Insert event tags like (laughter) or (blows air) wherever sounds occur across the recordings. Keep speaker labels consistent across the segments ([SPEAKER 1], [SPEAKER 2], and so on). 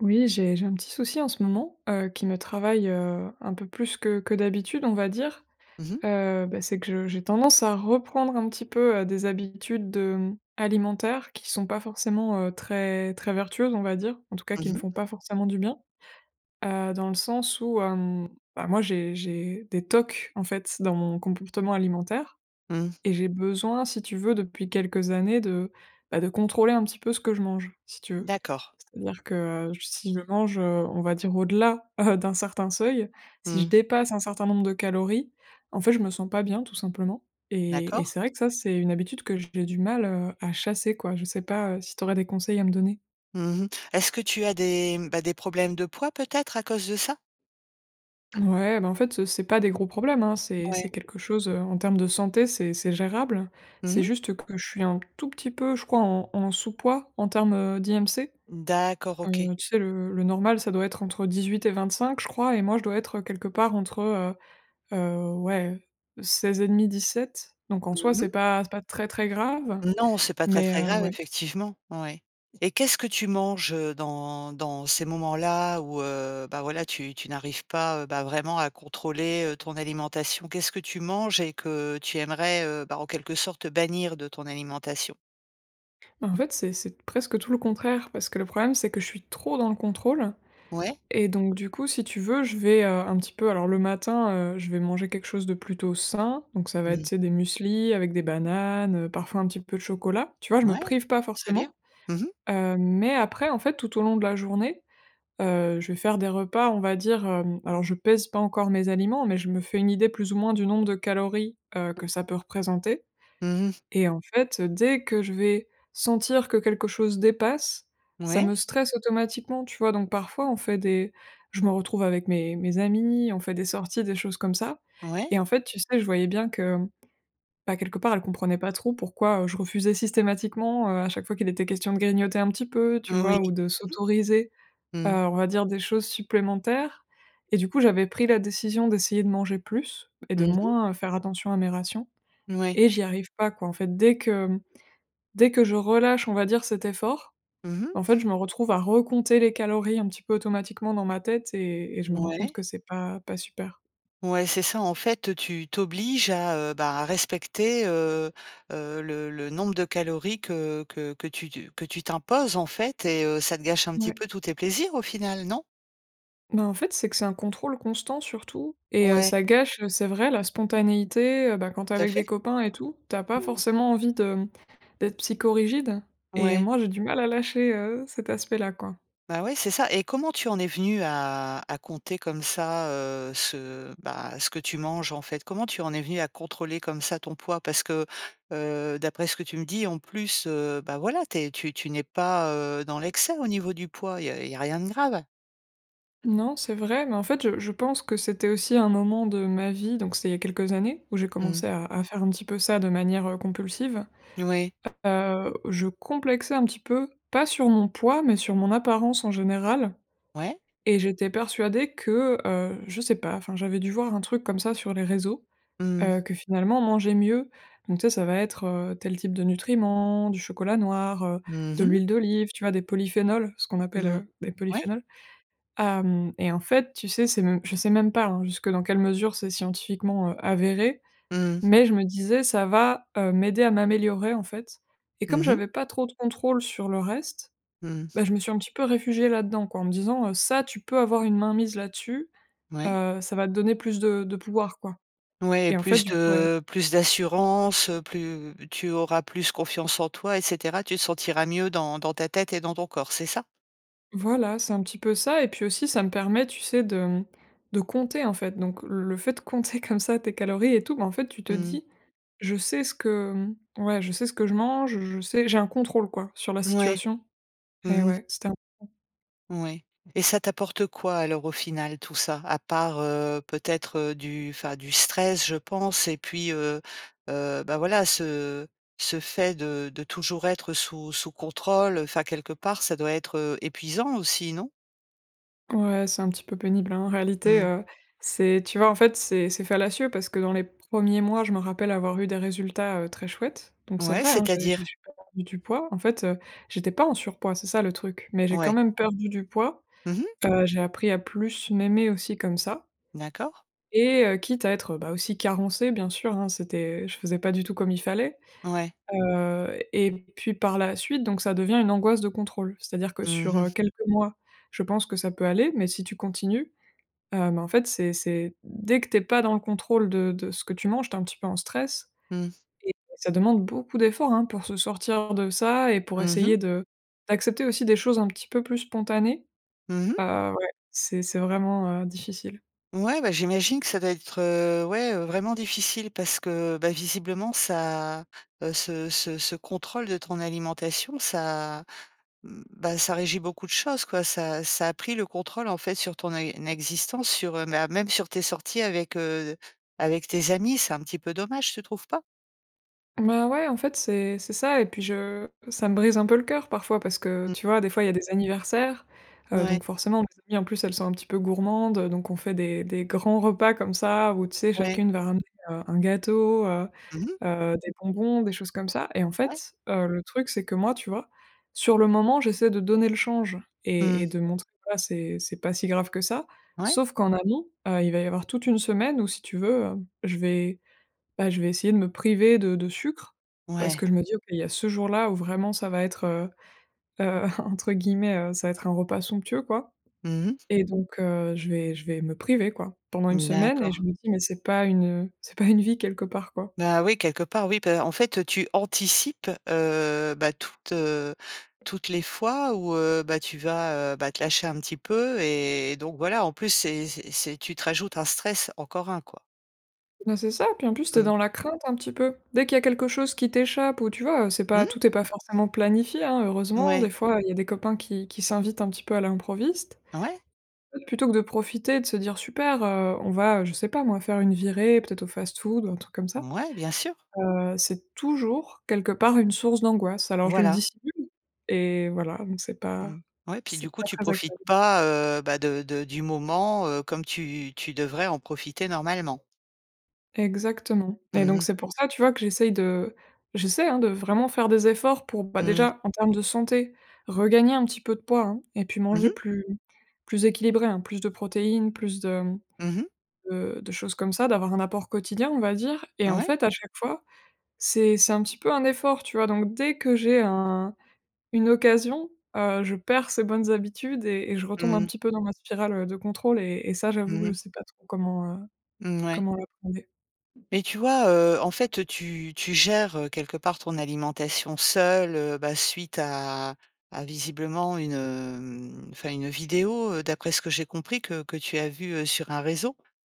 [SPEAKER 1] Oui, j'ai j'ai un petit souci en ce moment, heu, qui me travaille, heu, un peu plus que que d'habitude, on va dire,
[SPEAKER 2] Mmh mh.
[SPEAKER 1] heu, beh c'est que je j'ai tendance à reprendre un petit peu, heu, des habitudes, hem, alimentaires qui sont pas forcément, heu, très très vertueuses on va dire. En tout cas qui
[SPEAKER 2] Mmh
[SPEAKER 1] me
[SPEAKER 2] mh.
[SPEAKER 1] font pas forcément du bien. Heu, dans le sens où, hem, bah moi j'ai j'ai des tocs en fait dans mon comportement alimentaire
[SPEAKER 2] Mmh.
[SPEAKER 1] et j'ai besoin, si tu veux, depuis quelques années de, bah de contrôler un petit peu ce que je mange, si tu veux.
[SPEAKER 2] D'accord.
[SPEAKER 1] C'est-à-dire que j si je mange, heu, on va dire au-delà, heu, d'un certain seuil, si je
[SPEAKER 2] Mmh.
[SPEAKER 1] dépasse un certain nombre de calories, en fait je me sens pas bien tout simplement et et
[SPEAKER 2] D'accord.
[SPEAKER 1] c'est vrai que ça c'est une habitude que j'ai du mal, heu, à chasser quoi. Je sais pas, heu, si t'aurais des conseils à me donner?
[SPEAKER 2] Mmh mh. Est-ce que tu as des problèmes, mmh, bah des problèmes de poids peut-être à cause de ça?
[SPEAKER 1] Ouais, bah en fait, heu, c'est pas des gros problèmes, hein. C'est c'est
[SPEAKER 2] Ouais.
[SPEAKER 1] quelque chose, heu, en termes de santé, c'est c'est gérable.
[SPEAKER 2] Mmh
[SPEAKER 1] C'est
[SPEAKER 2] mh.
[SPEAKER 1] juste que je suis un p tout petit peu, je crois en en sous poids en termes, heu, d'IMC.
[SPEAKER 2] N d'accord, OK.
[SPEAKER 1] Heu, tu sais le le normal ça doit être entre 18 et 25 je crois et moi je dois être, heu, quelque part entre, heu, heu, ouais, heu, 16 et demi 17, donc en soi
[SPEAKER 2] Mmh mh.
[SPEAKER 1] c'est pas c'est pas très très grave
[SPEAKER 2] Non, c'est pas très,
[SPEAKER 1] mais,
[SPEAKER 2] très
[SPEAKER 1] heu,
[SPEAKER 2] grave
[SPEAKER 1] ouais.
[SPEAKER 2] effectivement. Ouais et qu'est-ce que tu manges, heu, dans dans ces moments-là où, heu, bah voilà tu tu n'arrives pas, heu, bah, vraiment à contrôler, heu, ton alimentation? Qu'est-ce que tu manges et que tu aimerais, heu, bah, en quelque sorte bannir de ton alimentation?
[SPEAKER 1] En fait, c'est c'est d presque tout le contraire parce que le problème, c'est que je suis trop dans le contrôle
[SPEAKER 2] Ouais.
[SPEAKER 1] et donc du coup, si tu veux je vais, heu, un petit peu alors le matin, heu, je vais manger quelque chose de plutôt sain donc ça va
[SPEAKER 2] Mmh
[SPEAKER 1] être, tu sais,
[SPEAKER 2] mh.
[SPEAKER 1] des mueslis avec des bananes, heu, parfois un petit peu de chocolat. Tu vois je me
[SPEAKER 2] Ouais,
[SPEAKER 1] prive pas
[SPEAKER 2] très bien.
[SPEAKER 1] forcément.
[SPEAKER 2] Mmh mh.
[SPEAKER 1] Hem, mais après en fait, tout au long de la journée, heu, je vais faire des repas, on va dire, hem alors je pèse pas encore mes aliments, mais je me fais une idée plus ou moins du nombre de calories, heu, que ça peut représenter
[SPEAKER 2] Mmh mh.
[SPEAKER 1] et en fait, heu, dès que je vais sentir que quelque chose dépasse, ça
[SPEAKER 2] Mouais.
[SPEAKER 1] me stresse automatiquement, tu vois? Donc, parfois, on fait des je me retrouve avec mes mes amis, on fait des sorties, des choses comme ça et
[SPEAKER 2] Ouais.
[SPEAKER 1] en fait, tu sais, je voyais bien que, bah, quelque part, elles comprenaient pas trop pourquoi, heu, je refusais systématiquement, heu, à chaque fois qu'il était question de grignoter un petit peu, tu
[SPEAKER 2] Moui.
[SPEAKER 1] vois? Ou de
[SPEAKER 2] Mmh
[SPEAKER 1] s'autoriser,
[SPEAKER 2] mh.
[SPEAKER 1] heu,
[SPEAKER 2] Mmh.
[SPEAKER 1] on va dire des choses supplémentaires et du coup, j'avais pris la décision d'essayer de manger plus et de
[SPEAKER 2] Mmh mh.
[SPEAKER 1] moins, heu, faire attention à mes rations
[SPEAKER 2] Mouais.
[SPEAKER 1] et j'y arrive pas quoi. En fait, dès que, mmh, dès que je relâche, on va dire cet effort,
[SPEAKER 2] Mmh mh.
[SPEAKER 1] en fait, je me retrouve à recompter les calories un petit peu automatiquement dans ma tête et et je me rends compte
[SPEAKER 2] Ouais.
[SPEAKER 1] que c'est pas pas super.
[SPEAKER 2] Ouais, c'est ça en fait, tu t'obliges à, heu bah à respecter, heu heu, le le nombre de calories que que que tu tu que tu t'imposes, en fait et heu, ça te gâche un petit
[SPEAKER 1] Ouais.
[SPEAKER 2] peu tous tes plaisirs au final, non?
[SPEAKER 1] Ben, en fait, c'est que c'est un contrôle constant surtout et heu,
[SPEAKER 2] Ouais.
[SPEAKER 1] ça gâche, heu, c'est vrai, la spontanéité, heu, bah quand tu es
[SPEAKER 2] Tout à
[SPEAKER 1] avec
[SPEAKER 2] fait.
[SPEAKER 1] des copains et tout, tu as pas
[SPEAKER 2] (unintelligible)
[SPEAKER 1] forcément envie de, mmh, d'être psychorigide et
[SPEAKER 2] Ouais.
[SPEAKER 1] moi, j'ai du mal à lâcher, heu, cet aspect-là quoi.
[SPEAKER 2] Bah ouais, c'est ça et comment tu en es venue à à compter comme ça, heu, ce, bah, ce que tu manges, en fait? Comment tu en es venue à contrôler comme ça ton poids? Parce que, heu, d'après ce que tu me dis, en plus, heu, bah voilà, tu es tu tu n'es pas, heu, dans l'excès au niveau du poids, il y a il y a rien de grave?
[SPEAKER 1] Non, c'est vrai, mais en fait, je je pense que c'était aussi un moment de ma vie, donc c'est il y a quelques années où j'ai
[SPEAKER 2] Mmh.
[SPEAKER 1] commencé à à faire un peu ça de manière, heu, compulsive.
[SPEAKER 2] N ouais.
[SPEAKER 1] Heu, je complexais un petit peu, pas sur mon poids, mais sur mon apparence, en général
[SPEAKER 2] Ouais.
[SPEAKER 1] et j'étais persuadée que, heu, je sais pas, enfin, j'avais dû voir un truc comme ça sur les réseaux,
[SPEAKER 2] Mmh.
[SPEAKER 1] heu, que finalement manger mieux. Donc tu sais ça va être, heu, tel type de nutriments, du chocolat noir, heu,
[SPEAKER 2] Mmh
[SPEAKER 1] de
[SPEAKER 2] mh.
[SPEAKER 1] l'huile d'olive, tu vois? Des polyphénols, ce qu'on appelle,
[SPEAKER 2] Mmh,
[SPEAKER 1] heu, des
[SPEAKER 2] ouais!
[SPEAKER 1] polyphénols. Hem et en fait, tu sais, c'est même je sais même pas, hein, jusque dans quelle mesure, c'est scientifiquement, heu, avéré,
[SPEAKER 2] Mmh.
[SPEAKER 1] mais je me disais, ça va, heu, m'aider à m'améliorer, en fait et comme
[SPEAKER 2] Mmh mh.
[SPEAKER 1] j'avais pas trop de contrôle sur le reste,
[SPEAKER 2] Mmh.
[SPEAKER 1] bah, je me suis un petit peu réfugiée là-dedans quoi, en me disant, heu: «Ça, tu peux avoir une main mise là-dessus,
[SPEAKER 2] Mouais.
[SPEAKER 1] heu, ça va te donner plus de de pouvoir quoi»
[SPEAKER 2] Ouais,
[SPEAKER 1] et en fait,
[SPEAKER 2] plus
[SPEAKER 1] du coup, ouais.
[SPEAKER 2] de plus d'assurance, heu, plus tu auras plus confiance en toi et cetera, tu te sentiras mieux dans dans ta tête et dans ton corps, c'est ça?
[SPEAKER 1] Voilà, c'est un petit peu ça, et puis aussi, ça me permet, tu sais? De, mmh, de compter en fait, donc le le fait de compter (chuckles) comme ça tes calories et tout, ben, en fait tu te
[SPEAKER 2] Mmh.
[SPEAKER 1] dis: «Je sais ce que, mmh, ouais, je sais ce que je mange, je je sais j'ai un contrôle quoi sur la
[SPEAKER 2] Ouais.
[SPEAKER 1] situation» et
[SPEAKER 2] Mmh mh.
[SPEAKER 1] ouais, c'était un (unintelligible)
[SPEAKER 2] Oui et ça t'apporte quoi alors au final tout ça? À part, heu, peut-être, heu, du enfin du stress, je pense et puis, heu, heu, ben voilà, ce ce fait de de toujours être sous sous contrôle, enfin quelque part, ça doit être, heu, épuisant aussi, non?
[SPEAKER 1] Ouais, c'est un petit peu pénible, hein. En réalité,
[SPEAKER 2] Mmh.
[SPEAKER 1] heu, c'est, tu vois? En fait, c'est c'est fallacieux parce que dans les 1ers mois, je me rappelle avoir eu des résultats, heu, très chouettes, donc c'est
[SPEAKER 2] Ouais,
[SPEAKER 1] vrai hein, j'ai j'ai
[SPEAKER 2] c'est-à-dire?
[SPEAKER 1] perdu du poids. En fait, heu, j'étais pas en surpoids, c'est ça le truc, mais j'ai quand
[SPEAKER 2] Ouais.
[SPEAKER 1] même perdu du poids.
[SPEAKER 2] Mmh mh.
[SPEAKER 1] Heu, j'ai appris à plus m'aimer aussi comme ça
[SPEAKER 2] D'accord.
[SPEAKER 1] et heu, quitte à être, beh, aussi carencée, bien sûr hein, c'était je faisais pas du tout comme il fallait.
[SPEAKER 2] Ouais.
[SPEAKER 1] Heu et puis par la suite, donc ça devient une angoisse de contrôle. C'est-à-dire que
[SPEAKER 2] Mmh
[SPEAKER 1] sur, heu,
[SPEAKER 2] mh.
[SPEAKER 1] quelques mois, je pense que ça peut aller, mais si tu continues, heu, mais en fait, c'est c'est dès que tu es pas dans le contrôle de de ce que tu manges, tu es un petit peu en stress
[SPEAKER 2] Mmh.
[SPEAKER 1] et ça demande beaucoup d'efforts, hein. Pour se sortir de ça et pour
[SPEAKER 2] Mmh
[SPEAKER 1] essayer
[SPEAKER 2] mh.
[SPEAKER 1] de d'accepter aussi des choses un petit peu plus spontanées.
[SPEAKER 2] Mmh mh.
[SPEAKER 1] Heu, ouais, c'est c'est vraiment, heu, difficile.
[SPEAKER 2] Ouais, bah, j'imagine que ça doit être, heu, ouais, heu, vraiment difficile parce que, bah, visiblement ça, heu, ce ce ce contrôle de ton alimentation, ça, bah, ça régit beaucoup de choses, quoi, ça ça a pris le contrôle en fait sur ton é existence, sur, heu, bah, même sur tes sorties avec, heu, avec tes amis, c'est un petit peu dommage, tu trouves pas?
[SPEAKER 1] Bah, ouais, en fait, c'est c'est ça et puis, je, heu, ça me brise un peu le cœur parfois parce que, heu,
[SPEAKER 2] Mmh.
[SPEAKER 1] tu vois, des fois, il y a des anniversaires, heu,
[SPEAKER 2] Ouais.
[SPEAKER 1] donc forcément, mes amies elles sont un petit peu gourmandes, heu, donc on fait des des grands repas, comme ça, où, tu sais,
[SPEAKER 2] Ouais.
[SPEAKER 1] chacune va ramener, heu, un gâteau, heu
[SPEAKER 2] Mmh mh!
[SPEAKER 1] heu, des bonbons, des choses comme ça et en
[SPEAKER 2] Ouais.
[SPEAKER 1] fait, heu, le truc, c'est que moi, tu vois? Sur le moment, j'essaie de donner le change et et
[SPEAKER 2] Mmh.
[SPEAKER 1] de montrer bah, c'est c'est pas si grave que ça
[SPEAKER 2] Ouais.
[SPEAKER 1] sauf qu'en amont, heu, il va y avoir toute une semaine où si tu veux, heu, je vais, bah, je vais essayer de me priver de de sucre, parce
[SPEAKER 2] Ouais.
[SPEAKER 1] que je me dis: «OK qu'il y a ce jour-là où, vraiment, ça va être, heu heu, (chuckles) en entre guillemets, heu, ça va être "un repas somptueux", quoi»
[SPEAKER 2] Mmh mh.
[SPEAKER 1] et donc, heu, je vais je vais me priver, quoi, pendant une
[SPEAKER 2] Mmh,
[SPEAKER 1] semaine et je
[SPEAKER 2] d'accord.
[SPEAKER 1] me dis: «Mais c'est pas une, heu, c'est pas une vie quelque part», quoi.
[SPEAKER 2] Bah, oui, quelque part, oui, bah, en fait, tu anticipes, heu, bah, toutes, heu, toutes les fois où, heu, bah, tu vas, heu, bah, te lâcher un petit peu et donc voilà, en plus, c'est c'est c'est tu te rajoutes un stress, encore un, quoi.
[SPEAKER 1] Bah c'est ça et puis en plus, tu es
[SPEAKER 2] Mmh.
[SPEAKER 1] dans la crainte un petit peu. Dès qu'il y a quelque chose qui t'échappe ou, tu vois? Heu, c'est pas,
[SPEAKER 2] Mmh.
[SPEAKER 1] tout est pas forcément planifié, hein. Heureusement, des
[SPEAKER 2] Mouais.
[SPEAKER 1] fois, il y a des copains qui qui s'invitent un petit peu à l'improviste.
[SPEAKER 2] Ouais.
[SPEAKER 1] Plutôt que de profiter et de se dire: «Super, heu, on va, je sais pas moi, faire une virée peut-être au fast-food, ou un truc comme ça».
[SPEAKER 2] Mouais, bien sûr.
[SPEAKER 1] Heu c'est toujours quelque part une source d'angoisse. Alors je le
[SPEAKER 2] Voilà.
[SPEAKER 1] dissimule et voilà, donc c'est pas
[SPEAKER 2] Mmh, ouais et puis
[SPEAKER 1] c'est
[SPEAKER 2] du coup
[SPEAKER 1] pas
[SPEAKER 2] tu
[SPEAKER 1] très
[SPEAKER 2] profites
[SPEAKER 1] agréable.
[SPEAKER 2] pas, heu, bah de de du moment, heu, comme tu tu devrais en profiter, normalement.
[SPEAKER 1] Exactement et
[SPEAKER 2] Mmh
[SPEAKER 1] donc
[SPEAKER 2] mh.
[SPEAKER 1] c'est pour ça, tu vois, que j'essaye de j'essaie, hein, de vraiment faire des efforts pour, bah,
[SPEAKER 2] Mmh.
[SPEAKER 1] déjà en termes de santé, regagner un petit peu de poids hein et puis
[SPEAKER 2] Mmh
[SPEAKER 1] manger
[SPEAKER 2] mh.
[SPEAKER 1] plus plus équilibré hein, plus de protéines, plus de, mmh,
[SPEAKER 2] Mmh mh.
[SPEAKER 1] de de choses comme ça, d'avoir un apport quotidien on va dire, et en
[SPEAKER 2] Ouais.
[SPEAKER 1] fait, à chaque fois, c'est c'est un petit peu un effort, tu vois? Donc dès que j'ai un une occasion, heu, je perds ces bonnes habitudes et et je retombe un
[SPEAKER 2] Mmh.
[SPEAKER 1] petit peu dans ma spirale, heu, de contrôle et et ça j'avoue que je
[SPEAKER 2] Mmh.
[SPEAKER 1] sais pas trop comment, heu,
[SPEAKER 2] Mouais.
[SPEAKER 1] comment la. (unintelligible)
[SPEAKER 2] Mais tu vois, heu? En fait, heu, tu tu gères, heu, quelque part ton alimentation seule, heu, bah suite à à visiblement une, hem, enfin une vidéo, heu, d'après ce que j'ai compris que, que tu as vu, heu, sur un réseau.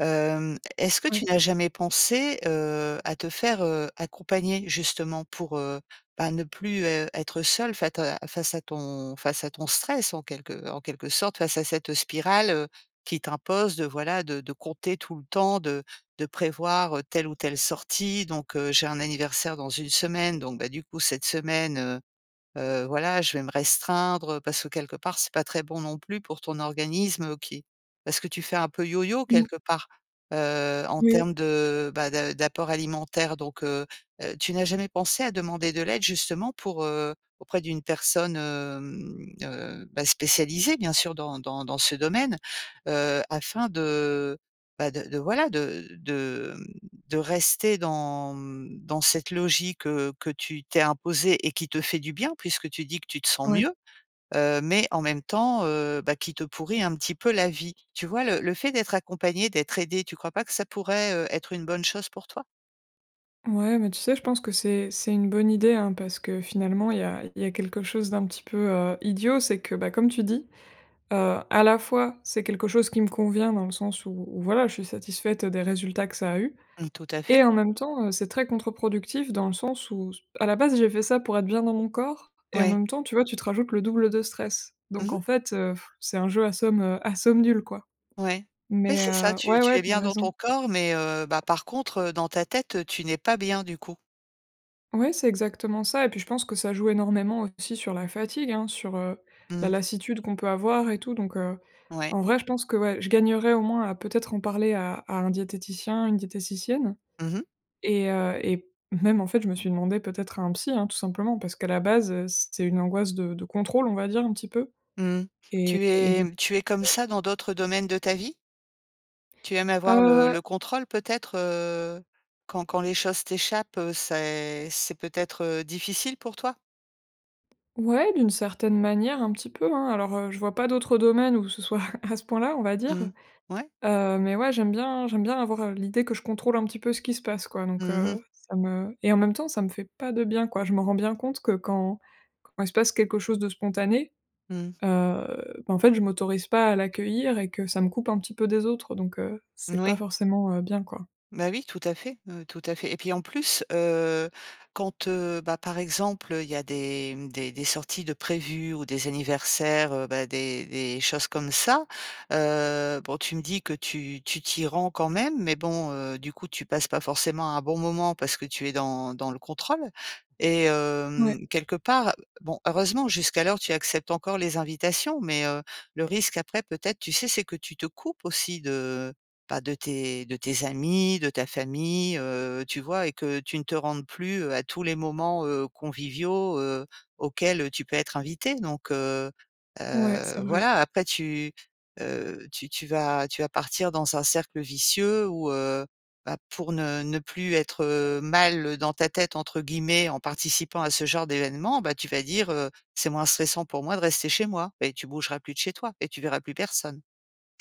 [SPEAKER 2] Hem, est-ce que tu
[SPEAKER 1] Ouais.
[SPEAKER 2] n'as jamais pensé, heu, à te faire, heu, accompagner justement pour, heu, bah, ne plus, heu, être seule, fata face à ton face à ton stress en quelque en quelque sorte, face à cette spirale, heu, qui t'impose de voilà de de compter tout le temps de de prévoir, heu, telle ou telle sortie donc, heu, «J'ai un anniversaire dans 1 semaine donc, bah, du coup cette semaine, heu heu, voilà je vais me restreindre». Heu, parce que quelque part c'est pas très bon non plus pour ton organisme qui parce que tu fais un peu yoyo
[SPEAKER 1] Mmh.
[SPEAKER 2] quelque part. Heu, en
[SPEAKER 1] Oui.
[SPEAKER 2] termes de, bah da d'apport alimentaire donc, heu heu, tu n'as jamais pensé à demander de l'aide justement pour, heu. Auprès d'une personne, hem, heu, bah, spécialisée bien sûr dans dans dans ce domaine, heu, afin de, bah, de de voilà de de, mmh, de rester dans, mmh, dans cette logique, heu, que tu t'es imposée et qui te fait du bien puisque tu dis que tu te sens
[SPEAKER 1] Ouais.
[SPEAKER 2] mieux, heu, mais en même temps, heu, bah, qui te pourrit un petit peu la vie. Tu vois le le fait d'être accompagnée, d'être aidée, tu crois pas que ça pourrait, heu, être une bonne chose pour toi?
[SPEAKER 1] Ouais, mais tu sais, je pense que c'est c'est une bonne idée, hein, parce que, finalement, il y a il y a quelque chose d'un petit peu, heu, idiot: c'est que, bah, comme tu dis, heu, à la fois, c'est quelque chose qui me convient, dans le sens où où, voilà, je suis satisfaite des résultats que ça a eus
[SPEAKER 2] Mmh. Tout à
[SPEAKER 1] et
[SPEAKER 2] fait.
[SPEAKER 1] en même temps, heu, c'est très contre-productif, dans le sens où s à la base, j'ai fait ça pour être bien dans mon corps et en
[SPEAKER 2] Oui.
[SPEAKER 1] même temps, tu vois, tu rajoutes le double de stress.
[SPEAKER 2] Mmh
[SPEAKER 1] Donc, en
[SPEAKER 2] mh.
[SPEAKER 1] fait, (blows air) heu, c'est un jeu à somme, heu à somme nulle, quoi.
[SPEAKER 2] Ouais. Oui,
[SPEAKER 1] Mais,
[SPEAKER 2] c'est ça.
[SPEAKER 1] heu
[SPEAKER 2] Tu
[SPEAKER 1] ouais,
[SPEAKER 2] tu
[SPEAKER 1] ouais,
[SPEAKER 2] es
[SPEAKER 1] tu as
[SPEAKER 2] bien dans
[SPEAKER 1] raison.
[SPEAKER 2] ton corps, mais, heu, bah, par contre, heu, dans ta tête, heu, tu n'es pas bien, du coup.
[SPEAKER 1] Ouais, c'est exactement ça, et puis, je pense que ça joue énormément aussi sur la fatigue, hein, sur, heu,
[SPEAKER 2] Mmh
[SPEAKER 1] la
[SPEAKER 2] mh.
[SPEAKER 1] lassitude qu'on peut avoir et tout. Donc, heu,
[SPEAKER 2] Ouais.
[SPEAKER 1] en vrai, je pense que, ouais, je gagnerais, au moins, à peut-être en parler à à un diététicien, une diététicienne
[SPEAKER 2] Mmh mh.
[SPEAKER 1] et heu, et même, en fait, je me suis demandée, peut-être à un psy, hein, tout simplement parce qu'à la base, heu, c'est une angoisse de de contrôle, on va dire, un petit peu
[SPEAKER 2] Mmh mh.
[SPEAKER 1] et
[SPEAKER 2] Tu
[SPEAKER 1] du
[SPEAKER 2] es
[SPEAKER 1] coup
[SPEAKER 2] tu es comme
[SPEAKER 1] ouais.
[SPEAKER 2] ça dans d'autres domaines de ta vie? Tu aimes avoir le
[SPEAKER 1] Heu.
[SPEAKER 2] le contrôle peut-être? Heu, quand quand les choses t'échappent, heu, c'est c'est peut-être, heu, difficile pour toi?
[SPEAKER 1] Ouais, d'une certaine manière, un petit peu, hein. Alors, heu, je vois pas d'autres domaines où ce soit à à ce point-là, on va dire.
[SPEAKER 2] Mmh. Ouais.
[SPEAKER 1] Heu, mais, ouais, j'aime bien j'aime bien avoir, heu, l'idée que je contrôle un petit peu ce qui se passe, quoi. Donc,
[SPEAKER 2] Mmh mh.
[SPEAKER 1] heu, ça me et en même temps, ça me fait pas de bien, quoi. Je me rends bien compte que, quand quand il se passe quelque chose de spontané,
[SPEAKER 2] Mmh.
[SPEAKER 1] heu, bah, en fait, je m'autorise pas à l'accueillir, et que ça me coupe un petit peu des autres. Donc, heu,
[SPEAKER 2] Mmh,
[SPEAKER 1] c'est pas
[SPEAKER 2] oui.
[SPEAKER 1] forcément, heu, bien, quoi.
[SPEAKER 2] Bah, oui, tout à fait, heu, tout à fait et puis, en plus, heu, quand, heu, bah, par exemple, heu, il y a des, mmh, des des sorties de prévues ou des anniversaires, heu, bah, des des choses comme ça, heu, bon, tu me dis que tu tu t'y rends quand même, mais bon, heu, du coup, tu passes pas forcément un bon moment parce que tu es dans dans le contrôle et hem,
[SPEAKER 1] Ouais.
[SPEAKER 2] quelque part, bon, heureusement, jusqu'alors, tu acceptes encore les invitations, mais, heu, le risque, après, peut-être, tu sais, c'est que tu te coupes aussi de bah, de tes de tes amis, de ta famille, heu, tu vois et que tu ne te rendes plus, heu, à tous les moments, heu, conviviaux, heu, auxquels, heu, tu peux être invitée. Donc heu
[SPEAKER 1] Ouais, c'est
[SPEAKER 2] heu,
[SPEAKER 1] vrai.
[SPEAKER 2] voilà. Après tu, heu tu tu vas tu vas partir dans un cercle vicieux où, heu, bah, pour ne ne plus être, heu, mal dans ta tête, entre guillemets, en participant à ce genre d'événement, bah, tu vas dire, heu: «C'est moins stressant pour moi de rester chez moi» et tu bougeras plus de chez toi et tu verras plus personne.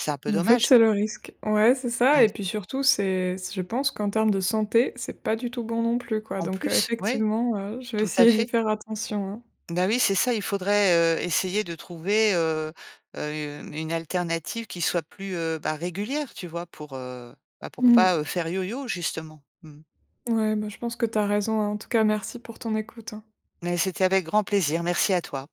[SPEAKER 2] C'est un peu
[SPEAKER 1] Et en fait,
[SPEAKER 2] dommage.
[SPEAKER 1] c'est le risque. Ouais, c'est ça
[SPEAKER 2] Mmh.
[SPEAKER 1] et puis, surtout, c'est je pense qu'en termes de santé, c'est pas du tout bon, non plus, quoi.
[SPEAKER 2] En
[SPEAKER 1] Donc, heu
[SPEAKER 2] plus, ouais.
[SPEAKER 1] effectivement, ouais, je vais
[SPEAKER 2] Tout à
[SPEAKER 1] essayer d'y
[SPEAKER 2] fait.
[SPEAKER 1] faire attention, hein.
[SPEAKER 2] Ben, oui, c'est ça. Il faudrait, heu, essayer de trouver, heu heu, une alternative qui soit plus, heu, bah, régulière, tu vois, pour, heu bah, pour
[SPEAKER 1] Mmh mh.
[SPEAKER 2] pas, heu, faire yoyo, justement. Mmh mh.
[SPEAKER 1] Ouais, bah, je pense que tu as raison, hein. En tout cas, merci pour ton écoute, hein.
[SPEAKER 2] Mais c'était avec grand plaisir, merci à toi.